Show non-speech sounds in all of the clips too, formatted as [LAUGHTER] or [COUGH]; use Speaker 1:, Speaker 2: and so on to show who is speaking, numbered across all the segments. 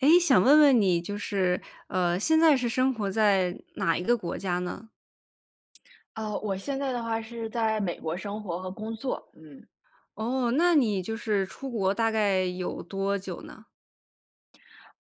Speaker 1: 诶，想问问你，就是，呃，现在是生活在哪一个国家呢？
Speaker 2: 呃，我现在的话是在美国生活和工作，嗯。
Speaker 1: 哦，那你就是出国大概有多久呢？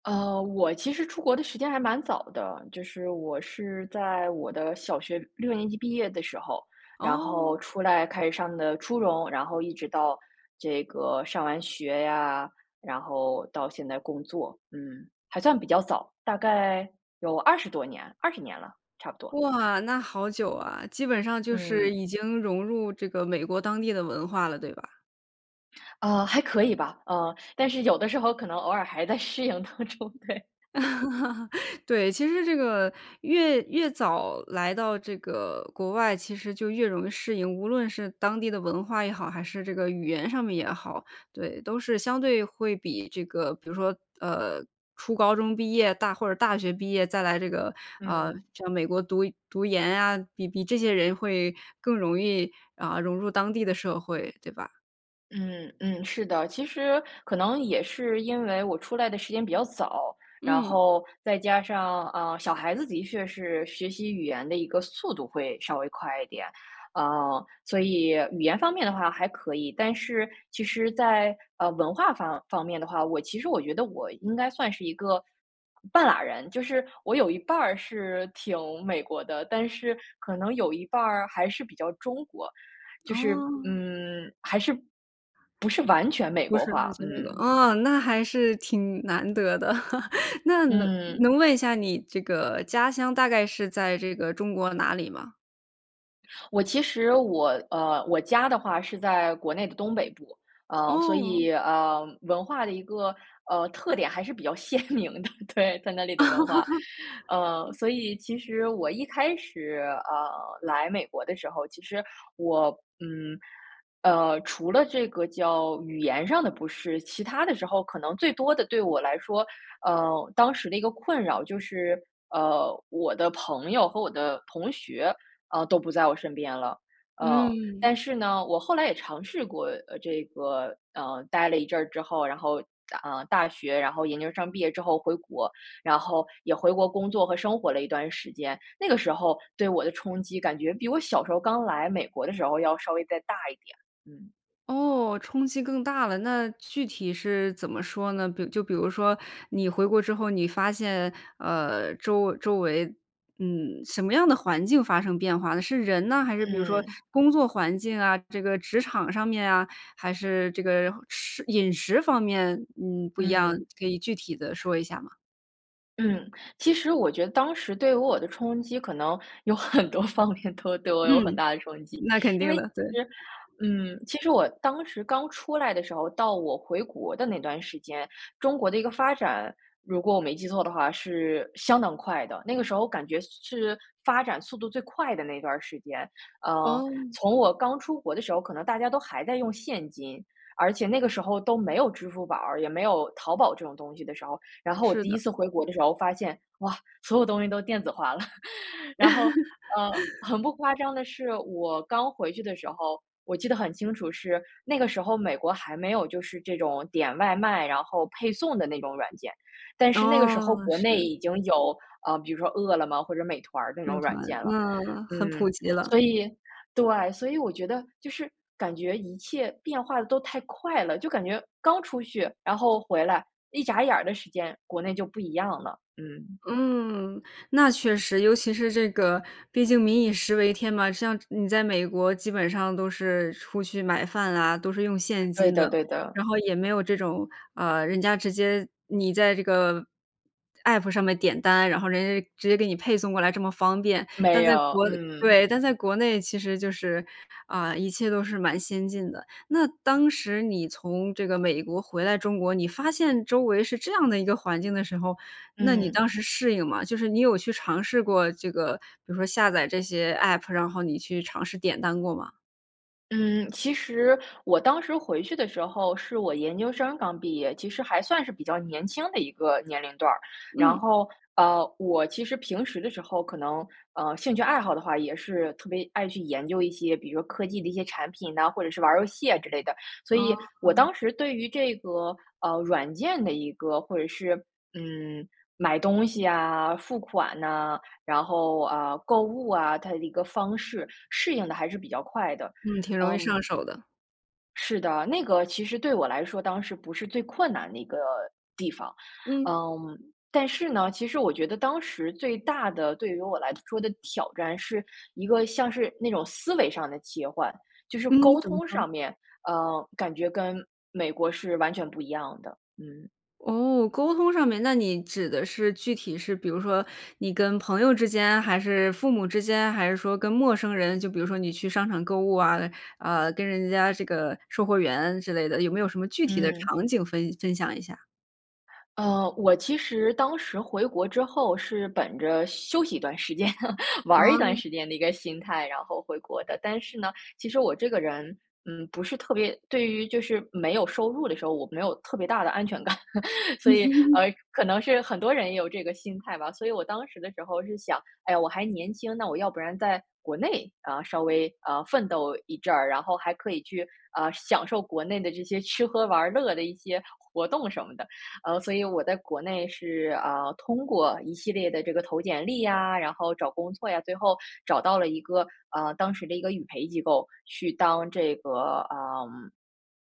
Speaker 2: 呃，我其实出国的时间还蛮早的，就是我是在我的小学6年级毕业的时候，然后
Speaker 1: 哦。
Speaker 2: 出来开始上的初中，然后一直到这个上完学呀，然后到现在工作，嗯，还算比较早，大概有20多年20年了，差不多。
Speaker 1: 哇，那好久啊，基本上就是
Speaker 2: 嗯。
Speaker 1: 已经融入这个美国当地的文化了，对吧？
Speaker 2: 啊，还可以吧，呃，但是有的时候可能偶尔还在适应当中，对。[LAUGHS]
Speaker 1: [LAUGHS] 对，其实这个越越早来到这个国外，其实就越容易适应，无论是当地的文化也好，还是这个语言上面也好，对，都是相对会比这个，比如说，呃，初高中毕业大或者大学毕业再来这个，啊，
Speaker 2: 嗯。
Speaker 1: 在美国读读研呀，比比这些人会更容易，啊，融入当地的社会，对吧？
Speaker 2: 嗯嗯，是的。其实可能也是因为我出来的时间比较早，然
Speaker 1: 嗯。
Speaker 2: 后再加上，啊，小孩子的确是学习语言的一个速度会稍微快一点。啊，所以语言方面的话还可以，但是其实在，呃，文化方方面的话，我其实我觉得我应该算是一个半拉人，就是我有一半儿是挺美国的，但是可能有一半儿还是比较中国。就是，
Speaker 1: 哦。
Speaker 2: 嗯，还是不是完全美
Speaker 1: 不
Speaker 2: 国
Speaker 1: 是
Speaker 2: 化，
Speaker 1: [UNINTELLIGIBLE] 那个。
Speaker 2: 嗯。
Speaker 1: 哦，那还是挺难得的。[LAUGHS] 那能
Speaker 2: 嗯。
Speaker 1: 能问一下你，这个家乡大概是在这个中国哪里吗？
Speaker 2: 我其实我呃，我家的话是在国内的东北部，啊，所
Speaker 1: 哦。
Speaker 2: 以，呃，文化的一个，呃，特点还是比较鲜明的，对，在那里的文化。呃，
Speaker 1: [LAUGHS]
Speaker 2: 所以其实我一开始，呃，来美国的时候，其实我，嗯，呃，除了这个叫语言上的不适，其他的时候可能最多的对我来说，呃，当时的一个困扰就是，呃，我的朋友和我的同学，啊，都不在我身边了。呃，但
Speaker 1: 嗯。
Speaker 2: 是呢，我后来也尝试过这个，呃，待了一阵儿之后，然后大呃，大学，然后研究生毕业之后回国，然后也回国工作和生活了一段时间，那个时候对我的冲击感觉比我小时候刚来美国的时候要稍微再大一点。嗯。
Speaker 1: 哦，冲击更大了，那具体是怎么说呢？比就比如说你回国之后，你发现，呃，周周围嗯，什么样的环境发生变化呢？是人呢？还是比如说
Speaker 2: 嗯。
Speaker 1: 工作环境啊，这个职场上面啊，还是这个食饮食方面，嗯，不一样，
Speaker 2: 嗯。
Speaker 1: 可以具体地说一下吗？
Speaker 2: 嗯，其实我觉得当时对于我的冲击可能有很多方面都对我有很
Speaker 1: 嗯，
Speaker 2: 大的冲击。
Speaker 1: 那肯
Speaker 2: 因
Speaker 1: 定
Speaker 2: 为其
Speaker 1: 的，对。
Speaker 2: 实，嗯，其实我当时刚出来的时候，到我回国的那段时间，中国的一个发展，如果我没记错的话是相当快的。那个时候感觉是是发展速度最快的那段儿时间。呃，
Speaker 1: 哦。
Speaker 2: 从我刚出国的时候，可能大家都还在用现金，而且那个时候都没有支付宝儿，也没有淘宝这种东西的时候。然后我
Speaker 1: 是
Speaker 2: 第一
Speaker 1: 的。
Speaker 2: 次回国的时候发现，哇，所有东西都电子化了。[CHUCKLES] 然后，呃，
Speaker 1: [LAUGHS]
Speaker 2: 很不夸张的是，我刚回去的时候，我记得很清楚是，那个时候美国还没有就是这种点外卖，然后配送的那种软件。但是那个时候
Speaker 1: 哦，
Speaker 2: 国内
Speaker 1: 是。
Speaker 2: 已经有，呃，比如说饿了么或者美团儿那
Speaker 1: 美
Speaker 2: 种软
Speaker 1: 团，
Speaker 2: 件了。
Speaker 1: 那很
Speaker 2: 嗯，
Speaker 1: 普及了。
Speaker 2: 所以，对，所以我觉得就是感觉一切变化得都太快了。就感觉刚出去，然后回来，一眨眼儿的时间，国内就不一样了，嗯。
Speaker 1: 嗯，那确实。尤其是这个毕竟民以食为天嘛，像是你在美国基本上都是出去买饭啦，都是用现
Speaker 2: 对
Speaker 1: 金
Speaker 2: 的
Speaker 1: 的。
Speaker 2: 对的。
Speaker 1: 然后也没有这种啊，人家直接你在这个 App 上面点单，然后人家就直接给你配送过来这么方便。但
Speaker 2: 没
Speaker 1: 在
Speaker 2: 有，
Speaker 1: 国
Speaker 2: 嗯。
Speaker 1: 对，但在国内其实就是，啊，一切都是蛮先进的。那当时你从这个美国回来中国，你发现周围是这样的一个环境的时候，那你
Speaker 2: 嗯。
Speaker 1: 当时适应吗？就是你有去尝试过这个，比如说下载这些 App，然后你去尝试点单过吗？
Speaker 2: 嗯，其实我当时回去的时候是我研究生刚毕业，其实还算是比较年轻的一个年龄段儿。然
Speaker 1: 嗯。
Speaker 2: 后，呃，我其实平时的时候可能，呃，兴趣爱好的话也是特别爱去研究一些，比如说科技的一些产品哪，或者是玩儿游戏啊之类的。所以
Speaker 1: 哦。
Speaker 2: 我当时对于这个，呃，软件的一个或者是，嗯，买东西啊，付款呐，然后，啊，购物啊，它的一个方式适应得还是比较快的。
Speaker 1: 嗯，挺容易上
Speaker 2: 嗯
Speaker 1: 手的。
Speaker 2: 是的，那个其实对我来说当时不是最困难的一个地方。
Speaker 1: 嗯。
Speaker 2: 嗯，但是呢，其实我觉得当时最大的-对于我来说的-挑战是一个像是那种思维上的切换，就是
Speaker 1: 嗯，
Speaker 2: 沟
Speaker 1: 怎么
Speaker 2: 通
Speaker 1: 说？
Speaker 2: 上面，呃，感觉跟美国是完全不一样的，嗯。
Speaker 1: 哦，沟通上面，那你指的是具体是，比如说你跟朋友之间还是父母之间，还是说跟陌生人，就比如说你去商场购物啊，啊，跟人家这个售货员之类的，有没有什么具体的
Speaker 2: 嗯。
Speaker 1: 场景分分享一下。
Speaker 2: 呃，我其实当时回国之后是本着休息一段时间 [LAUGHS] 玩儿一段
Speaker 1: 哦。
Speaker 2: 时间的一个心态，然后回国的。但是呢，其实我这个人，嗯，不是特别对于就是没有收入的时候，我没有特别大的安全感，[LAUGHS] 所以，呃，
Speaker 1: [LAUGHS]
Speaker 2: 可能是很多人也有这个心态吧。所以我当时的时候是想：“哎，我还年轻，那我要不然在国内，啊，稍微，呃，奋斗一阵儿，然后还可以去，呃，享受国内的这些吃喝玩儿乐的一些活动什么的。”呃，所以我在国内是，啊，通过一系列的这个投简历呀，然后找工作呀，最后找到了一个，呃，当时的一个语培机构，去当这个，嗯，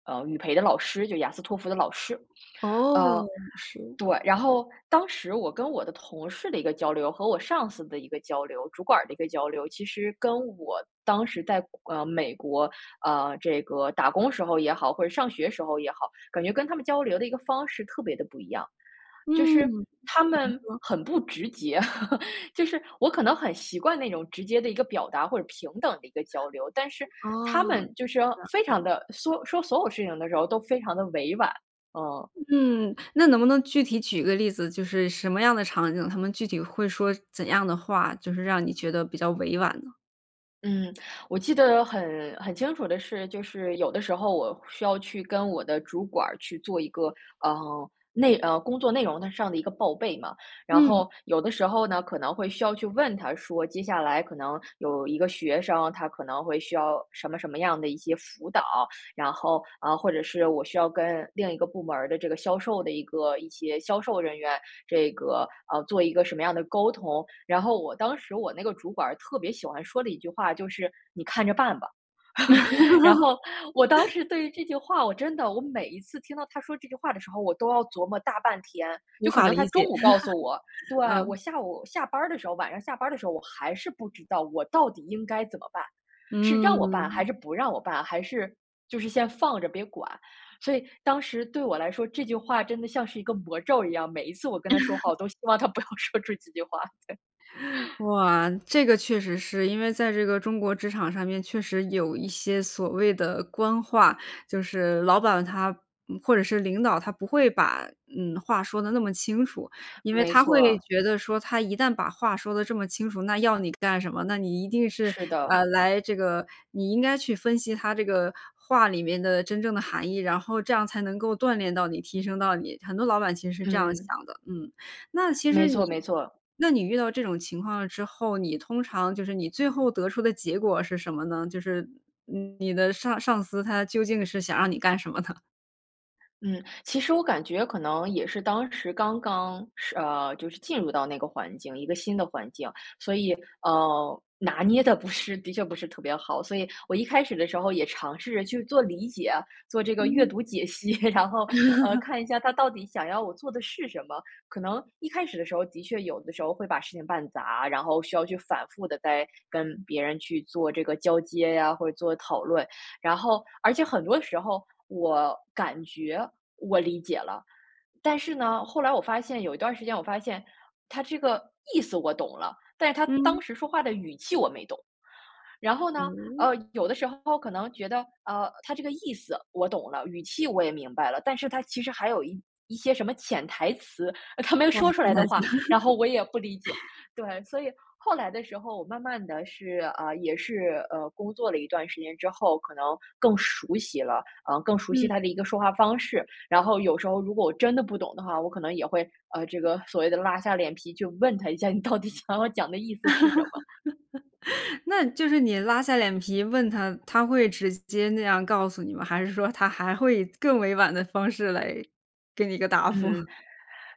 Speaker 2: 呃，语陪的老师，就雅思托福的老师。
Speaker 1: 哦，
Speaker 2: 呃，
Speaker 1: 是。
Speaker 2: 对，然后当时我跟我的同事的一个交流，和我上司的一个交流，主管儿的一个交流，其实跟我当时在，呃，美国，呃，这个打工时候也好，或者上学时候也好，感觉跟他们交流的一个方式特别地不一样。就是
Speaker 1: 嗯，
Speaker 2: 他们
Speaker 1: [UNINTELLIGIBLE]
Speaker 2: 很不直接，[LAUGHS] 就是我可能很习惯那种直接的一个表达或者平等的一个交流，但是他
Speaker 1: 哦，
Speaker 2: 们就是
Speaker 1: 了
Speaker 2: 非常
Speaker 1: 解。
Speaker 2: 地说说所有事情的时候都非常地委婉，嗯。
Speaker 1: 嗯，那能不能具体举个例子，就是什么样的场景，他们具体会说怎样的话，就是让你觉得比较委婉呢？
Speaker 2: 嗯，我记得很很清楚的是，就是有的时候我需要去跟我的主管儿去做一个，呃，内呃，工作内容的上的一个报备嘛。然
Speaker 1: 嗯。
Speaker 2: 后有的时候呢，可能会需要去问他说，接下来可能有一个学生，他可能会需要什么什么样的一些辅导。然后啊，或者是我需要跟另一个部门儿的这个销售的一个一些销售人员，这个，呃，做一个什么样的沟通。然后我当时我那个主管儿特别喜欢说的一句话，就是：“你看着办吧”。[LAUGHS] 然后 [INHALES] 我当
Speaker 1: [LAUGHS]
Speaker 2: 时对于这句话，我真的我每一次听到他说这句话的时候，我都要琢磨大半天。
Speaker 1: 无
Speaker 2: 就可
Speaker 1: 法
Speaker 2: 能他
Speaker 1: 理
Speaker 2: 中
Speaker 1: 解，
Speaker 2: 午告诉我，对，
Speaker 1: [LAUGHS] 嗯。
Speaker 2: 我下午下班儿的时候，晚上下班儿的时候，我还是不知道我到底应该怎么办，是让我办还
Speaker 1: 嗯。
Speaker 2: 是不让我办，还是就是先放着别管。所以当时对我来说，这句话真的像是一个魔咒一样，每一次我跟他说话，
Speaker 1: [LAUGHS]
Speaker 2: 我都希望他不要说这几句话。对。[LAUGHS]
Speaker 1: [CHUCKLES] 哇，这个确实是，因为在这个中国职场上面确实有一些所谓的官话，就是老板他嗯，或者是领导，他不会把，嗯，话说得那么清楚。因为
Speaker 2: 没
Speaker 1: 他会
Speaker 2: 错。
Speaker 1: 觉得说他一旦把话说得这么清楚，那要你干什么？那你一定是，
Speaker 2: 是的。
Speaker 1: 呃，来这个你应该去分析他这个话里面的真正的含义，然后这样才能够锻炼到你，提升到你，很多老板其实是这样
Speaker 2: 嗯。
Speaker 1: 想的，嗯。那其
Speaker 2: 没
Speaker 1: 实你
Speaker 2: 错没错。
Speaker 1: 那你遇到这种情况之后，你通常就是你最后得出的结果是什么呢？就是你的上上司，他究竟是想让你干什么呢？
Speaker 2: 嗯，其实我感觉可能也是当时刚刚是，呃，就是进入到那个环境，一个新的环境，所以，呃，拿捏得不是的确不是特别好。所以我一开始的时候也尝试着去做理解，做这个阅
Speaker 1: 嗯。
Speaker 2: 读解析，[CHUCKLES] 然后，呃，
Speaker 1: [LAUGHS]
Speaker 2: 看一下他到底想要我做的是什么。可能一开始的时候，的确有的时候会把事情办砸，然后需要去反复地再跟别人去做这个交接呀，或者做讨论。然后而且很多时候我感觉我理解了，但是呢，后来我发现有一段儿时间我发现，他这个意思我懂了，但是他
Speaker 1: 嗯。
Speaker 2: 当时说话的语气我没懂。然后呢，呃，
Speaker 1: 嗯？
Speaker 2: 有的时候可能觉得，呃，他这个意思我懂了，语气我也明白了，但是他其实还有一一些什么潜台词，呃他没有
Speaker 1: 哇，
Speaker 2: 说出
Speaker 1: 潜
Speaker 2: 来的
Speaker 1: 台词。
Speaker 2: 话，然后我也不理解。
Speaker 1: [LAUGHS]
Speaker 2: 对，所以后来的时候，我慢慢地是啊，也是，呃，工作了一段时间之后，可能更熟悉了，呃，更熟悉他的
Speaker 1: 嗯。
Speaker 2: 一个说话方式。然后有时候如果我真的不懂的话，我可能也会，呃，这个所谓的拉下脸皮就问他一下，你到底想要讲的意思是什么？
Speaker 1: [LAUGHS] 那就是你拉下脸皮问他，他会直接那样告诉你吗？还是说他还会以更委婉的方式来给你一个答复。
Speaker 2: 嗯，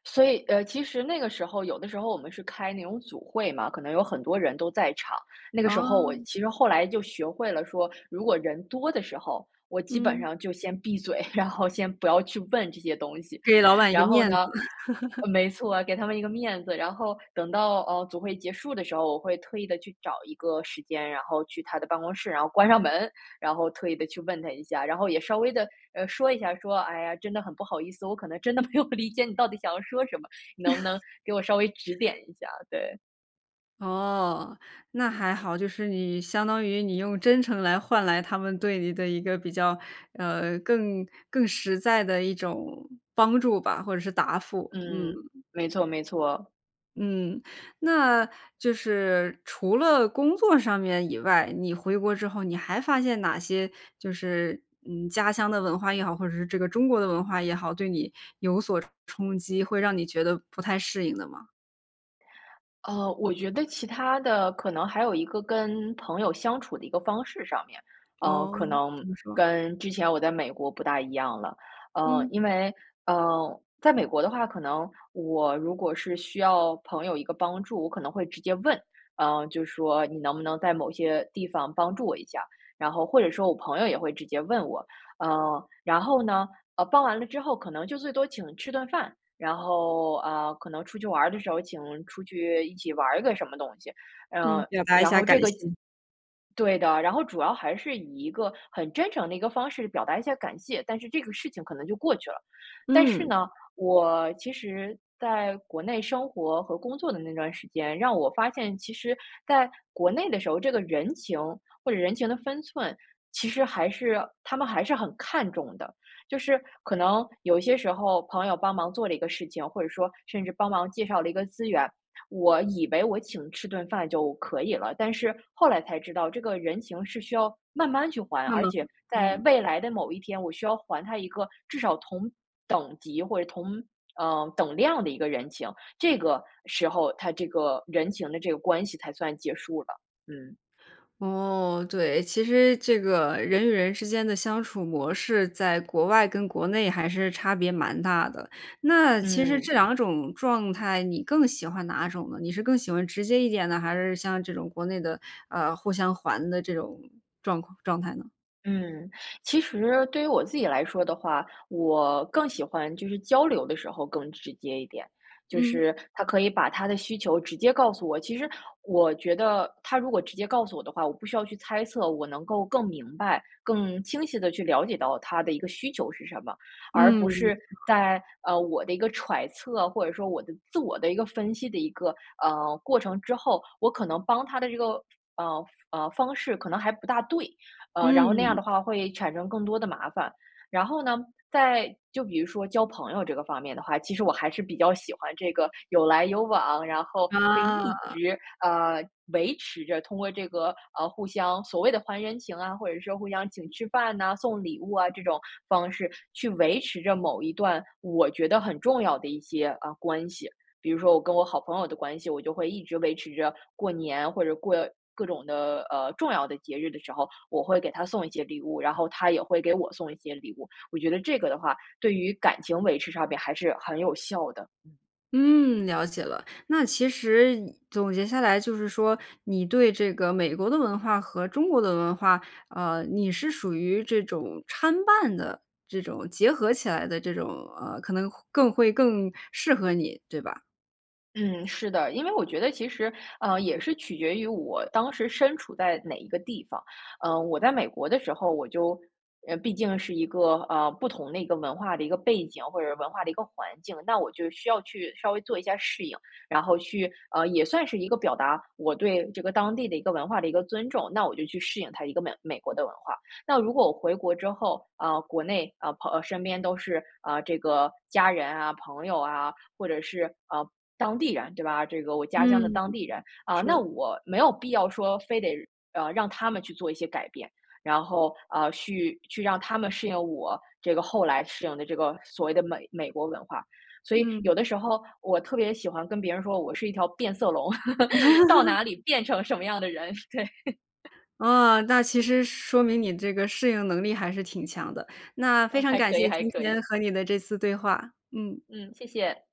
Speaker 2: 所以，呃，其实那个时候有的时候我们是开那种组会嘛，可能有很多人都在场。那个时候我
Speaker 1: 哦。
Speaker 2: 其实后来就学会了说，如果人多的时候，我基本
Speaker 1: 嗯。
Speaker 2: 上就先闭嘴，然后先不要去问这些东西，
Speaker 1: 给老板一个
Speaker 2: 然后
Speaker 1: 面子。
Speaker 2: 呢
Speaker 1: [LAUGHS]
Speaker 2: 没错啊，给他们一个面子。然后等到，呃，组会结束的时候，我会特意地去找一个时间，然后去他的办公室，然后关上门，然后特意地去问他一下，然后也稍微地，呃，说一下，说：“哎呀，真的很不好意思，我可能真的没有理解你到底想要说什么，你能不能给我稍微指点
Speaker 1: [CHUCKLES]
Speaker 2: 一下？”对。
Speaker 1: 哦，那还好，就是你相当于你用真诚来换来他们对你的一个比较，呃，更更实在的一种帮助吧，或者是答复。
Speaker 2: 嗯，
Speaker 1: 嗯。
Speaker 2: 没错没错。
Speaker 1: 嗯，那就是除了工作上面以外，你回国之后，你还发现哪些就是，嗯，家乡的文化也好，或者是这个中国的文化也好，对你有所冲冲击，会让你觉得不太适应的吗？
Speaker 2: 呃，我觉得其它的可能还有一个跟朋友相处的一个方式上面，呃，
Speaker 1: 哦，
Speaker 2: 可能
Speaker 1: 怎么说？
Speaker 2: 跟之前我在美国不大一样了。呃，
Speaker 1: 嗯。
Speaker 2: 因为，呃，在美国的话，可能我如果是需要朋友一个帮助，我可能会直接问，嗯，就说：“你能不能在某些地方帮助我一下？”然后或者说我朋友也会直接问我。呃，然后呢，呃，帮完了之后可能就最多请吃顿饭，然后，呃，可能出去玩儿的时候请出去一起玩儿个什么东西，
Speaker 1: 嗯，
Speaker 2: 嗯，
Speaker 1: 表达一
Speaker 2: 然
Speaker 1: 下
Speaker 2: 后
Speaker 1: 感
Speaker 2: 这个
Speaker 1: 谢。
Speaker 2: 对的，然后主要还是以一个很真诚的一个方式表达一下感谢，但是这个事情可能就过去了。但是
Speaker 1: 嗯。
Speaker 2: 呢，我其实在国内生活和工作的那段时间，让我发现，其实在国内的时候，这个人情或者人情的分寸，其实还是他们还是很看重的。就是可能有一些时候朋友帮忙做了一个事情，或者说甚至帮忙介绍了一个资源，我以为我请吃顿饭就可以了，但是后来才知道这个人情是需要慢慢去还，
Speaker 1: 那
Speaker 2: 而
Speaker 1: 么
Speaker 2: 且在
Speaker 1: 嗯。
Speaker 2: 未来的某一天，我需要还他一个至少同等级或者同呃，等量的一个人情，这个时候，他这个人情的这个关系才算结束了。嗯。
Speaker 1: 哦，对，其实这个人与人之间的相处模式在国外跟国内还是差别蛮大的。那其实
Speaker 2: 嗯。
Speaker 1: 这两种状态，你更喜欢哪种呢？你是更喜欢直接一点的？还是像这种国内的，呃，互相还的这种状况状态呢？
Speaker 2: 嗯，其实对于我自己来说的话，我更喜欢就是交流的时候更直接一点，就
Speaker 1: 嗯。
Speaker 2: 是他可以把他的需求直接告诉我。其实我觉得他如果直接告诉我的话，我不需要去猜测，我能够更明白、更清晰地去了解到他的一个需求是什么，而不
Speaker 1: 嗯。
Speaker 2: 是在呃，我的一个揣测，或者说我的自我的一个分析的一个，呃，过程之后，我可能帮他的这个，呃呃，方式可能还不大对。呃，然后那样
Speaker 1: 嗯。
Speaker 2: 的话会产生更多的麻烦。然后呢，在就比如说交朋友这个方面的话，其实我还是比较喜欢这个有来有往，然后可以一
Speaker 1: 啊。
Speaker 2: 直，呃，维持着通过这个，呃，互相所谓的还人情啊，或者说互相请吃饭呐、送礼物啊这种方式，去维持着某一段我觉得很重要的一些，呃，关系。比如说我跟我好朋友的关系，我就会一直维持着过年或者过各种的，呃，重要的节日的时候，我会给他送一些礼物，然后他也会给我送一些礼物。我觉得这个的话对于感情维持上边还是很有效的。嗯。
Speaker 1: 嗯，了解了。那其实总结下来就是说，你对这个美国的文化和中国的文化，啊，你是属于这种参半的这种结合起来的，这种，呃，可能会更会更适合你，对吧？
Speaker 2: 嗯，是的，因为我觉得其实，呃，也是取决于我当时身处在哪一个地方。呃，我在美国的时候，我就，呃，毕竟是一个，呃不同的一个文化的一个背景，或者是文化的一个环境，那我就需要去稍微做一下适应，然后去呃，也算是一个表达我对这个当地的一个文化的一个尊重，那我就去适应它一个美美国的文化。那如果我回国之后啊，国内啊，朋啊，呃，身边都是，啊，这个家人啊、朋友啊，或者是，呃，当地人对吧？这个我家乡的
Speaker 1: 嗯，
Speaker 2: 当地人。啊，那
Speaker 1: 是。
Speaker 2: 我没有必要说非得，呃，让他们去做一些改变，然后，呃，去去让他们适应我这个后来适应的这个所谓的美美国文化。所以有的
Speaker 1: 嗯。
Speaker 2: 时候我特别喜欢跟别人说，我是一条变色龙，[LAUGHS] 到
Speaker 1: [LAUGHS]
Speaker 2: 哪里变成什么样的人，对。[CHUCKLES]
Speaker 1: 啊，那其实说明你这个适应能力还是挺强的。那非
Speaker 2: 呃，
Speaker 1: 常
Speaker 2: 还
Speaker 1: 感
Speaker 2: 可以
Speaker 1: 谢
Speaker 2: 还
Speaker 1: 今
Speaker 2: 可
Speaker 1: 天
Speaker 2: 以。
Speaker 1: 和你的这次对话，嗯。
Speaker 2: 嗯，谢谢。